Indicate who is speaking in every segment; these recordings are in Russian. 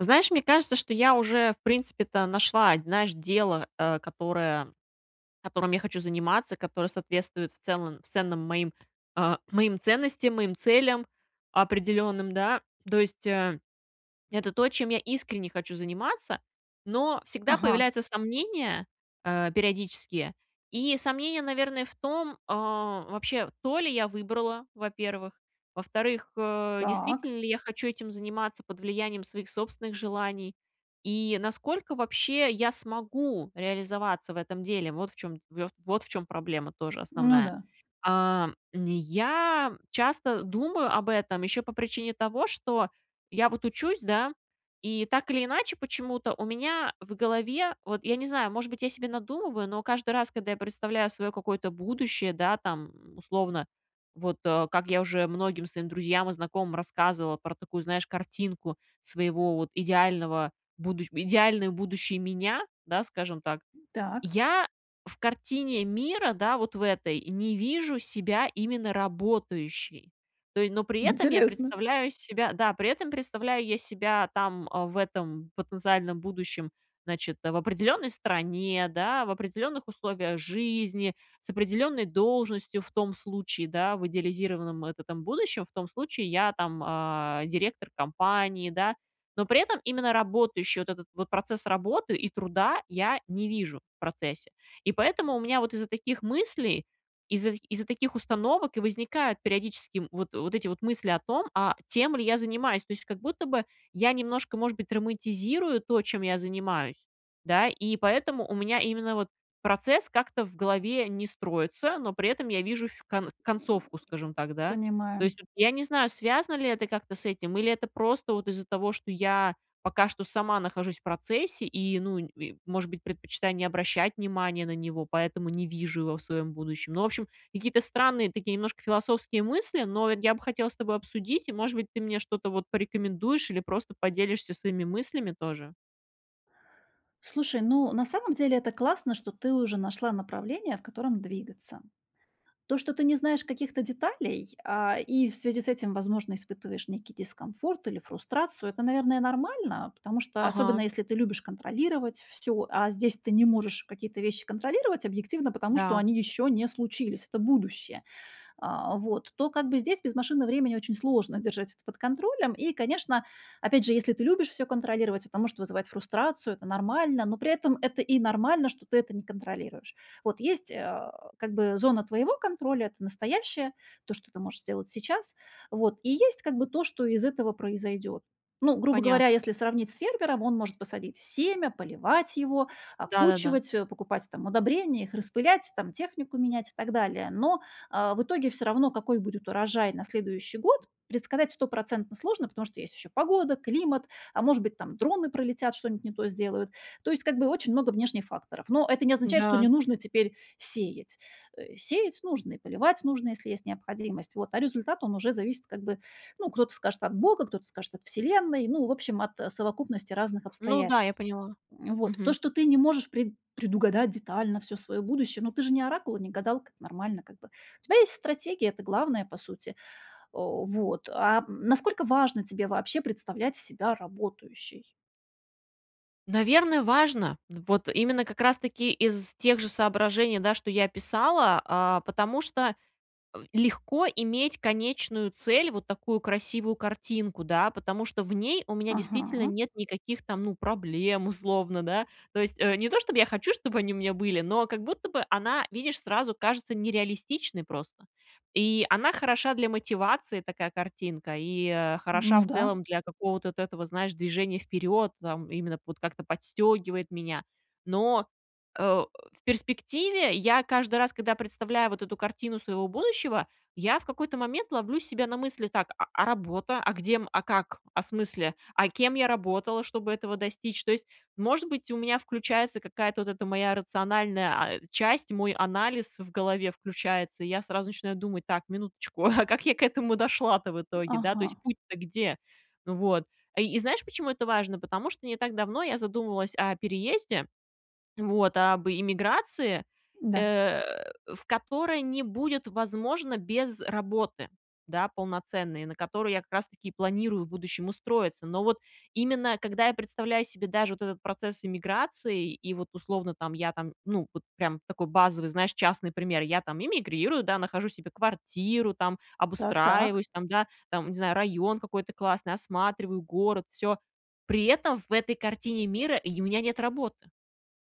Speaker 1: Знаешь, мне кажется, что я уже, в принципе-то, нашла, н знаешь, дело, а, которое которым я хочу заниматься, которое соответствует в целом в ценным моим, а, моим ценностям, моим целям определенным, да. То есть, э, это то, чем я искренне хочу заниматься, но всегда
Speaker 2: Ага.
Speaker 1: появляются сомнения, э, периодические. И сомнения, наверное, в том а, вообще, то ли я выбрала, во-первых. Во-вторых, э,
Speaker 2: Так.
Speaker 1: действительно ли я хочу этим заниматься под влиянием своих собственных желаний? И насколько, вообще, я смогу реализоваться в этом деле. Вот в чём вт вот в чём проблема тоже
Speaker 2: Ну
Speaker 1: основная.
Speaker 2: да.
Speaker 1: А, м, я часто думаю об этом, еще по причине того, что я вот учусь, да, и так или иначе почему-то у меня в голове- вот я не знаю, может быть, я себе надумываю- но каждый раз, когда я представляю свое какое-то будущее, да, там, условно, вот, э, как я уже многим своим друзьям и знакомым рассказывала про такую, знаешь, картинку своего вот идеального будущ идеальную будущей меня, да, скажем так.
Speaker 2: Так.
Speaker 1: Я в картине мира, да, вот в этой, не вижу себя именно работающей. То е но при этом я
Speaker 2: Интересно.
Speaker 1: представляю себя Да, при этом представляю я себя там, а, в этом потенциальном будущем, значит, э, в определенной стране, да, в определенных условиях жизни, с определенной должностью, в том случае, да, в идеализированном вот этом будущем, в том случае, я там, а, директор компании, да. Но при этом именно работающей, вот этот вот процесс работы, и труда я не вижу, в процессе. И поэтому у меня вот из-за таких мыслей, из-за из-за таких установок и возникают периодически, м, вот вот эти вот мысли о том, а тем ли я занимаюсь. То есть, как будто бы я немножко, может быть, романтизирую то, чем я занимаюсь, да, и поэтому у меня именно вот процесс как-то в голове не строится, но при этом я вижу фь кон концовку, скажем так, да. То
Speaker 2: Понимаю.
Speaker 1: есть, вот я не знаю, связано ли это как-то с этим или это просто вот из-за того, что я пока что сама нахожусь в процессе и, ну, нь и, может быть, предпочитаю не обращать внимания на него, поэтому не вижу его в своем будущем. Ну, в общем, какие-то странные такие немножко философские мысли, но от я бы хотела с тобой обсудить, и, может быть, ты мне что-то вот порекомендуешь, или просто поделишься своими мыслями тоже.
Speaker 2: Слушай, ну, на самом деле- это классно, что ты уже нашла направление, в котором двигаться. То, что ты не знаешь каких-то деталей, а, и в связи с этим, возможно, испытываешь некий дискомфорт, или фрустрацию, это, наверное, нормально, потому что особенно
Speaker 1: Ага.
Speaker 2: если ты любишь контролировать всё, а здесь ты не можешь какие-то вещи контролировать объективно, потому что
Speaker 1: Да.
Speaker 2: они ещё не случились, это будущее, а, вот, то как бы здесь без машины времени очень сложно держать это под контролем. И, конечно, опять же, если ты любишь всё контролировать, это может вызывать фрустрацию, это нормально, но при этом это и нормально, что ты это не контролируешь. Вот есть, а, как бы зона твоего контроля, это настоящее, то, что ты можешь сделать сейчас, вот, и есть как бы то, что из этого произойдет. Ну, грубо говоря,
Speaker 1: Понятно.
Speaker 2: если сравнить с фермером, он может посадить семя, поливать его,
Speaker 1: Да-да-да.
Speaker 2: окучивать, э, покупать там удобрения, их распылять, там технику менять, и так далее, но, э, в итоге всё равно, какой будет урожай на следующий год, предсказать стопроцентно сложно, потому что есть еще погода, климат, а может быть там дроны пролетят, что-нибудь не то сделают, то есть как бы очень много внешних факторов. Но это не означает, что
Speaker 1: Да.
Speaker 2: не нужно теперь сеять, э, сеять нужно, и поливать нужно, если есть необходимость, вот, а результат он уже зависит как бы, ну кто-то скажет от Бога, кто-то скажет от Вселенной, ну в общем, от, э, совокупности разных
Speaker 1: Ну да, я
Speaker 2: обстоятельств.
Speaker 1: поняла.
Speaker 2: М, вот. То,
Speaker 1: Мгм.
Speaker 2: что ты не можешь пред предугадать детально всё своё будущее, ну ты же не оракул и не гадалка, нормально как бы, у тебя есть стратегия, это главное по сути. О, вот. А насколько важно тебе вообще представлять себя работающей?
Speaker 1: Наверно, важно. Вот именно, как раз таки из тех же соображений, да, что я описала, а, потому что, м, легко иметь конечную цель, вот такую красивую картинку, да. Потому что в ней у меня действительно
Speaker 2: Ага.
Speaker 1: нет никаких там, ну, проблем, условно, да, то есть, э, не то чтоб я хочу, чтоб они у меня были, но как будто бы она, видишь, сразу кажется нереалистичной просто. И она хороша для мотивации, такая картинка, и, э, хороша
Speaker 2: Ну
Speaker 1: в
Speaker 2: да.
Speaker 1: целом для какого-то вот этого, знаешь, движения вперед там, именно вот как-то подстегивает меня. Но, а, в перспективе я каждый раз, когда я представляю вот эту картину своего будущего, я в какой-то момент ловлю себя на мысли: "Так, а а работа? а где, м, а как, а смысле, а кем я работала, чтобы этого достичь?" Tо есть, может быть, у меня включается какая-то вот эта моя рациональная, а, часть, мой анализ в голове включается, и я сразу начинаю думать: "Так, минуточку, а как я к этому дошла-то в итоге, да? То
Speaker 2: Ага.
Speaker 1: есть, путь-то где?" Вот. И знаешь, почему это важно? Потому что не так давно я задумывалась о переезде, вот, об иммиграции,
Speaker 2: Да.
Speaker 1: э, в которой не будет возможно без работы, да, полноценной, на которую я как раз таки и планирую в будущем устроиться. Но вот именно когда я представляю себе даже вот этот процесс иммиграции, и вот, условно, там, я там, ну, вот прям такой базовый, знаешь, частный пример: я там иммигрирую, да, нахожу себе квартиру там,
Speaker 2: Так-так.
Speaker 1: обустраиваюсь там, да, там, не знаю, район какой-то классный, осматриваю город, всё. При этом в этой картине мира й у меня нет работы.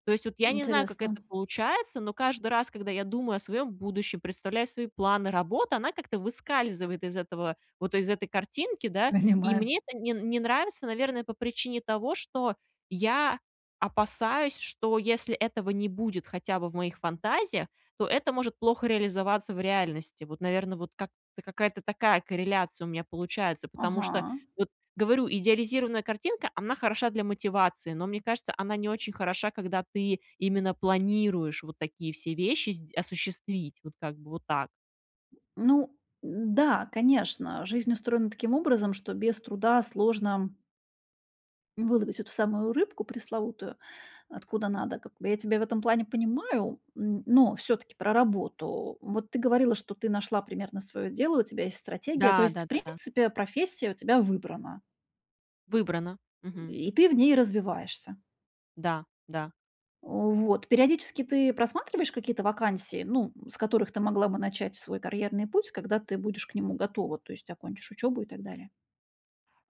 Speaker 1: То есть, вот я не знаю, как
Speaker 2: Интересно.
Speaker 1: это получается, но каждый раз, когда я думаю о своем будущем, представляю свои планы работы, она как-то выскальзывает из этого, вот из этой картинки, да. И
Speaker 2: Понимаю.
Speaker 1: мне это не не нравится, наверное, по причине того, что я опасаюсь, что если этого не будет хотя бы в моих фантазиях, то это может плохо реализоваться в реальности. Вот, наверно, вот как какая-то такая корреляция у меня получается, потому
Speaker 2: Ага.
Speaker 1: что, вот говорю, идеализированная картинка- она хороша для мотивации. Но мне кажется, она не очень хороша, когда ты именно планируешь вот такие все вещи сде осуществить. Вот как бы вот так.
Speaker 2: Ну. Да, конечно, жизнь устроена таким образом, что без труда сложно выловить эту самую рыбку пресловутую откуда надо, как бы. Я тебя в этом плане понимаю, м, но всё-таки про работу. Вот ты говорила, что ты нашла примерно своё дело, у тебя есть стратегия, то
Speaker 1: Да,
Speaker 2: есть в
Speaker 1: да-да-да.
Speaker 2: принципе профессия у тебя выбрана.
Speaker 1: Выбрано. Мгм.
Speaker 2: И ты в ней развиваешься.
Speaker 1: Да, да.
Speaker 2: О, вот. Периодически ты просматриваешь какие-то вакансии, ну, м, с которых ты могла бы начать свой карьерный путь, когда ты будешь к нему готова, то есть окончишь учёбу и так далее?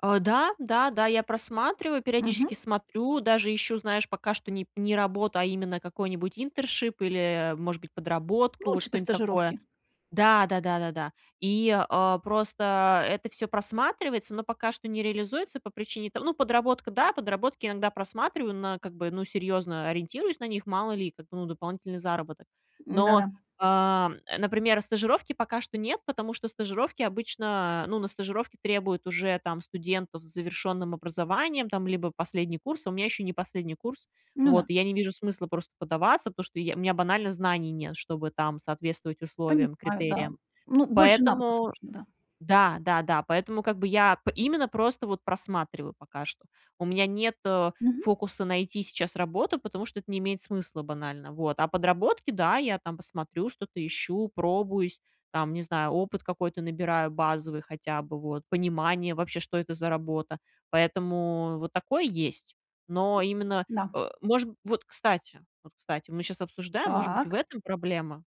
Speaker 1: А. Да, да, да, я просматриваю, периодически
Speaker 2: Мгм.
Speaker 1: смотрю, даже ищу, знаешь, пока что не не работу, а именно какой-нибудь интершип или, э, может быть, подработку,
Speaker 2: Ну,
Speaker 1: вот
Speaker 2: типа
Speaker 1: что-нибудь такое.
Speaker 2: стажировки.
Speaker 1: Да, да-да-да. И, а, просто это всё просматривается, но пока что не реализуется по причине то Ну, подработка, да, подработки иногда просматриваю, на, как бы Ну, серьезно ориентируюсь на них: мало ли, как бы, ну, дополнительный заработок.
Speaker 2: М,
Speaker 1: Но,
Speaker 2: да-да.
Speaker 1: а, э, например, стажировки пока что нет, потому что стажировки обычно Ну на стажировки, требуют уже, там, студентов с завершенным образованием, там, либо последний курс, а у меня еще не последний курс,
Speaker 2: Ну да.
Speaker 1: вот, и я не вижу смысла просто подаваться, потому что я у меня банально знаний нет, чтобы, там, соответствовать условиям,
Speaker 2: Понимаю, да.
Speaker 1: критериям.
Speaker 2: Ну, больше навыков
Speaker 1: Поэтому
Speaker 2: нужно, да.
Speaker 1: Да, да, да. Поэтому как бы я именно просто просматриваю пока что. У меня нет, э,
Speaker 2: Мгм.
Speaker 1: фокуса найти сейчас работу, потому что это не имеет смысла банально. Вот. А подработки, да, я там посмотрю, что-то ищу, пробуюсь, там, не знаю, опыт какой-то набираю базовый хотя бы, вот, понимание вообще, что это за работа. Поэтому вот такое есть. Но именно,
Speaker 2: Да.
Speaker 1: э, может Вот кстати, вот кстати, мы сейчас обсуждаем, может быть, в
Speaker 2: Так.
Speaker 1: этом проблема,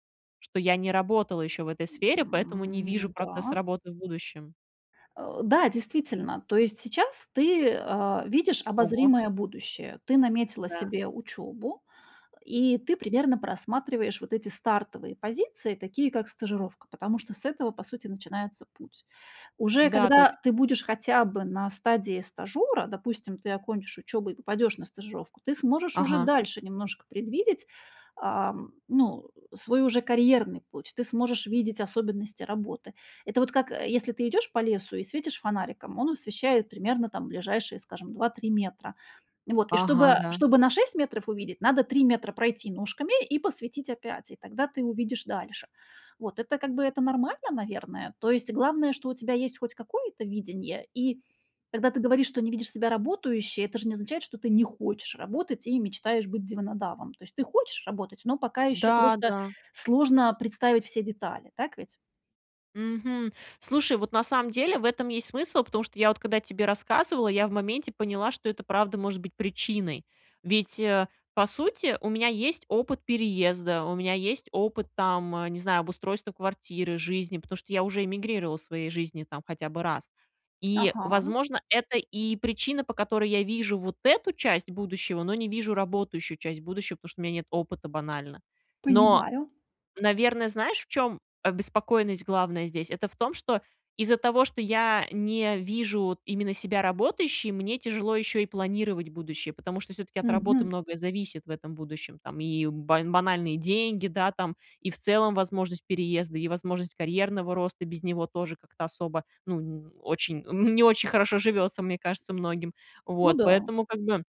Speaker 1: что я не работала еще в этой сфере, поэтому не вижу
Speaker 2: М,
Speaker 1: процесс
Speaker 2: да.
Speaker 1: работы в будущем.
Speaker 2: Э. Да, действительно, то есть сейчас ты, а, видишь
Speaker 1: Ого.
Speaker 2: обозримое будущее, ты наметила
Speaker 1: Да.
Speaker 2: себе учёбу, и ты примерно просматриваешь вот эти стартовые позиции, такие как стажировка, потому что с этого, по сути, начинается путь. Уже
Speaker 1: Да,
Speaker 2: когда
Speaker 1: точно.
Speaker 2: ты будешь хотя бы на стадии стажера, допустим, ты окончишь учёбу и попадешь на стажировку, ты сможешь уже
Speaker 1: Ага.
Speaker 2: дальше немножко предвидеть, ам, ну, свой уже карьерный путь, ты сможешь видеть особенности работы. Это вот как, э, если ты идешь по лесу и светишь фонариком, он освещает примерно там ближайшие, скажем, 2, 3 метра. И вот, и
Speaker 1: Ага,
Speaker 2: чтобы
Speaker 1: да.
Speaker 2: чтобы на 6 метров увидеть, надо 3 метра пройти ножками и посветить опять, и тогда ты увидишь дальше. Вот это, как бы, это нормально, наверное. То есть главное, что у тебя есть хоть какое-то видение, и когда ты говоришь, что не видишь себя работающей, это же не означает, что ты не хочешь работать и мечтаешь быть диванодавом. То есть ты хочешь работать, но пока ещё
Speaker 1: Да,
Speaker 2: просто
Speaker 1: да.
Speaker 2: сложно представить все детали, так ведь?
Speaker 1: Мгм. Слушай, вот на самом деле в этом есть смысл, потому что я вот когда тебе рассказывала, я в моменте поняла, что это правда может быть причиной. Ведь, э, по сути, у меня есть опыт переезда, у меня есть опыт, там, не знаю, обустройства квартиры, жизни, потому что я уже эмигрировала в своей жизни там хотя бы раз. И,
Speaker 2: Ага.
Speaker 1: возможно, это и причина, по которой я вижу вот эту часть будущего, но не вижу работающую часть будущего, потому что у меня нет опыта банально. Но,
Speaker 2: Понимаю.
Speaker 1: наверно, знаешь, в чем обеспокоенность главная здесь? Это в том, что из-за того, что я не вижу, вот, именно себя работающей, мне тяжело еще и планировать будущее, потому что всё-таки от работы
Speaker 2: Мгм.
Speaker 1: многое зависит в этом будущем. Там и бан банальные деньги, да, там, и в целом возможность переезда, и возможность карьерного роста без него тоже как-то особо, ну, н очень н не очень хорошо живётся, мне кажется, многим.
Speaker 2: Ну
Speaker 1: Вот.
Speaker 2: да.
Speaker 1: Поэтому, как бы,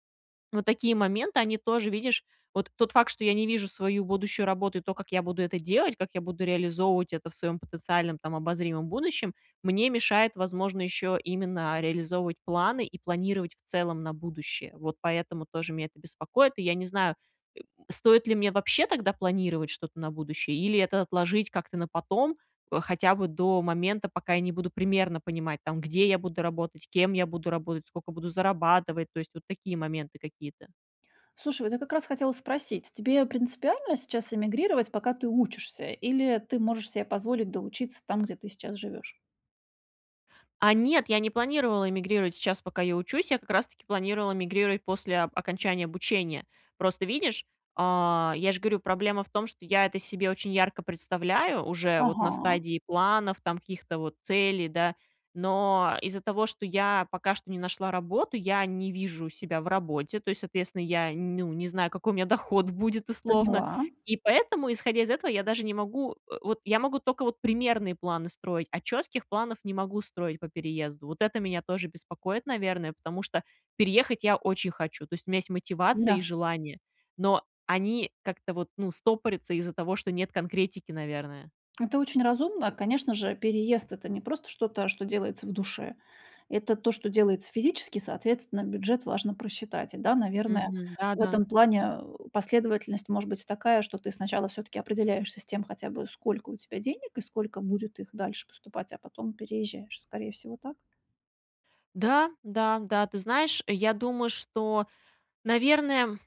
Speaker 1: вот такие моменты, они тоже, видишь Вот тот факт, что я не вижу свою будущую работу и то, как я буду это делать, как я буду реализовывать это в своем потенциальном, там, обозримом будущем, мне мешает, возможно, еще именно реализовывать планы и планировать в целом на будущее. Вот поэтому тоже мя это беспокоит. И я не знаю, э, стоит ли мне вообще тогда планировать что-то на будущее или это отложить как-то на потом, э, хотя бы до момента, пока я не буду примерно понимать, там: где я буду работать, кем я буду работать, сколько буду зарабатывать. То есть, вот такие моменты какие-то.
Speaker 2: Слушай, вот я как раз хотела спросить: тебе принципиально сейчас иммигрировать, пока ты учишься, или ты можешь себе позволить доучиться там, где ты сейчас живешь?
Speaker 1: А нет, я не планировала иммигрировать сейчас, пока я учусь, я как раз-таки планировала мигрировать после оп окончания обучения. Просто видишь, а, я же говорю, проблема в том, что я это себе очень ярко представляю, уже вот на
Speaker 2: Ага.
Speaker 1: стадии планов, там, каких-то вот целей, да, но из-за того, что я пока что не нашла работу, я не вижу себя в работе, то есть, соответственно, я н ну, не знаю, какой у меня доход будет, условно,
Speaker 2: Поняла.
Speaker 1: и поэтому, исходя из этого, я даже не могу, э, вот, я могу тока вот примерные планы строить, а четких планов не могу строить по переезду. Вот это меня тоже беспокоит, наверное, потому что переехать я очень хочу. То есть, у меня есть мотивация и
Speaker 2: Да.
Speaker 1: желание, но они как-то вот, ну, стопорятся из-за того, что нет конкретики, наверное.
Speaker 2: Это очень разумно. Конечно же, переезд- это не просто что-то, что делается в душе. Это то, что делается физически. Соответственно, бюджет важно просчитать. И да, наверное,
Speaker 1: Мгм. Да,
Speaker 2: в
Speaker 1: да.
Speaker 2: этом плане, э, последовательность может быть такая, что ты сначала всё-таки определяешься с тем хотя бы, сколько у тебя денег, и сколько будет их дальше поступать, а потом переезжаешь. Скорее всего, так.
Speaker 1: Да, да, да. Ты знаешь, я думаю, что, наверное,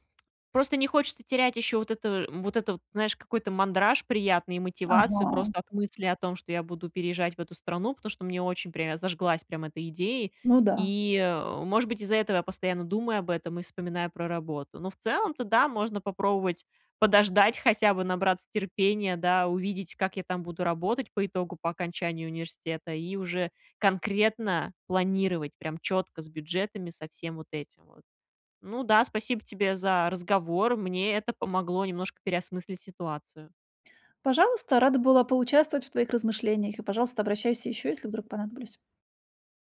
Speaker 1: просто не хочется терять еще вот это вот этот, знаешь, какой-то мандраж приятный и мотивацию
Speaker 2: Ага.
Speaker 1: просто от мысли о том, что я буду переезжать в эту страну, потому что мне очень прям я зажглась прям этой идеей.
Speaker 2: Ну да.
Speaker 1: И, э, может быть, из-за этого я постоянно думаю об этом и вспоминаю про работу. Но в целом-то, да, можно попробовать подождать, хотя бы набраться терпения, да, увидеть, как я там буду работать по итогу, по окончании университета, и уже конкретно планировать, прям четко, с бюджетами, со всем вот этим вот. Ну да, спасибо тебе за разговор. Мне это помогло немножко переосмыслить ситуацию.
Speaker 2: Пожалуйста, рада была поучаствовать в твоих размышлениях, и, пожалуйста, обращайся ещё, если вдруг понадоблюсь.